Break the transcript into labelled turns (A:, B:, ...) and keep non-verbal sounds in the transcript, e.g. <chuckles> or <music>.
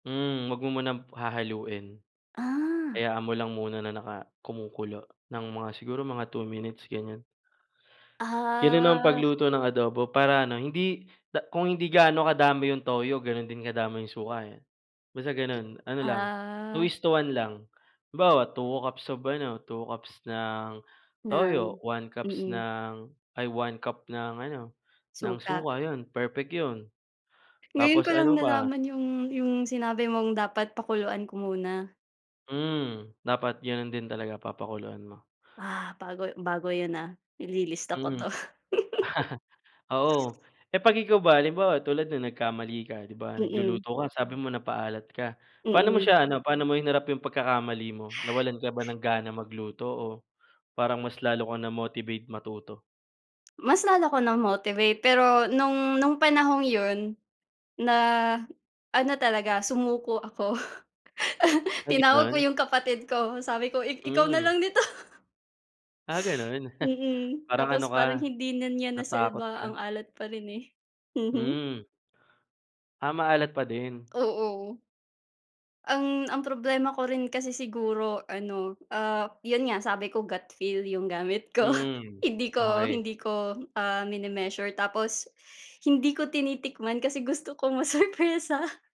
A: Mm, huwag mo munang hahaluin.
B: Ah.
A: Hayaan mo lang muna na naka kumukulo ng mga siguro mga 2 minutes, ganyan. Ganun ang
B: Ah.
A: pagluto ng adobo para ano, hindi da kung hindi gaano kadami 'yong toyo, gano'n din kadami yung suka, eh. Basta gano'n, ano lang 2
B: Ah.
A: is to 1 lang. Halimbawa, 2 cups of ano, 2 cups ng
B: Ng?
A: toyo, 1 cups
B: Mm.
A: ng ay, 1 cup ng ano, ng
B: Suka.
A: suka, 'yon perfect 'yon.
B: Ngayon ko
A: Tapos
B: lang
A: ano pa
B: nalaman yung yung sinabi mong dapat pakuluan ko muna.
A: Mm, dapat ganun din talaga papakuluan mo.
B: Ah, bago bago yun, ah!
A: Mm.
B: Ililista ko
A: <chuckles>
B: 'to. <giggles>
A: Oo. Eh, pag ikaw ba, halimbawa tulad nun nagkamali ka, di ba,
B: Mm.
A: nagluluto ka sabi mo napaalat ka. Paano mo
B: Mm.
A: siya ano, paano mo hinarap yung pagkakamali mo, nawalan ka ba ng gana magluto o parang mas lalo kang na-motivate matuto?
B: Mas lalo ako na-motivate pero nung nung panahong yon, na ano talaga sumuko ako. <chuckles>
A: Ay,
B: Tinawag ko
A: gano'n.
B: yung kapatid ko, sabi ko ik ikaw na
A: Hmm.
B: lang dito. <laughs>
A: Ah, gano'n? <chuckles>
B: Mm,
A: Parang ano
B: tapos
A: ka,
B: parang hindi na niya
A: natakot
B: nasalba, ang
A: ka.
B: alat pa rin, eh. Mhm.
A: Hmm. Ah, maalat pa din.
B: Oo. Ang ang problema ko rin kasi siguro ano, ah, yun nga, sabi ko gut feel yung gamit ko.
A: Hmm,
B: Hindi ko
A: okey.
B: hindi ko, ah, mini-measure, tapos hindi ko tinitikman kasi gusto ko masurpresa.